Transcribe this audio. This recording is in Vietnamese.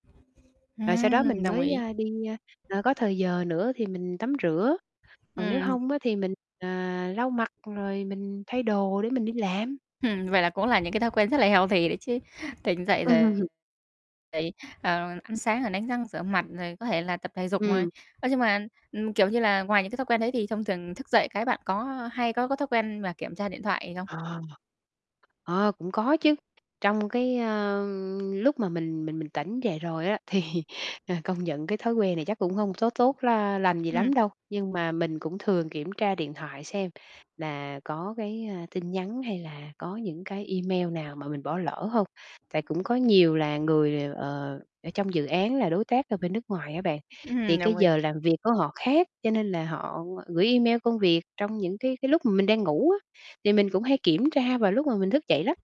Rồi sau đó Ừm, mình đồng mới, ý. a, đi, a, ờ, có thời giờ nữa thì mình tắm rửa, còn nếu Ừm. hông á, thì mình, à, lau mặt rồi mình thay đồ để mình đi làm. Ừm, vậy là cũng là những cái thói quen rất là healthy đấy chứ, tỉnh dậy rồi Ừm. vậy, ờ, ăn sáng rồi đánh răng rửa mặt rồi có thể là tập thể dục. [unintelligible] Ừm. Ơ, nhưng mà, ừm, kiểu như là, ngoài những cái thói quen đấy thì thông thường thức dậy cái bạn có, ơ, hay có có thói quen mà kiểm tra điện thoại không? Ờ. Ờ, cũng có chứ, trong cái, ơ, lúc mà mình mình mình tỉnh dậy rồi á thì, ờ, công nhận cái thói quen này chắc cũng hông tó tốt la lành gì Ừm. lắm đâu, nhưng mà mình cũng thường kiểm tra điện thoại xem là có cái, a, tin nhắn hay là có những cái email nào mà mình bỏ lỡ hông. Tại cũng có nhiều là người đều, ờ, ở trong dự án là đối tác ở bên nước ngoài á bạn, thì cái Đồng ý. giờ làm việc của họ khác cho nên là họ gửi email công việc trong những cái cái lúc mà mình đang ngủ á, thì mình cũng hay kiểm tra vào lúc mà mình thức dậy lắm.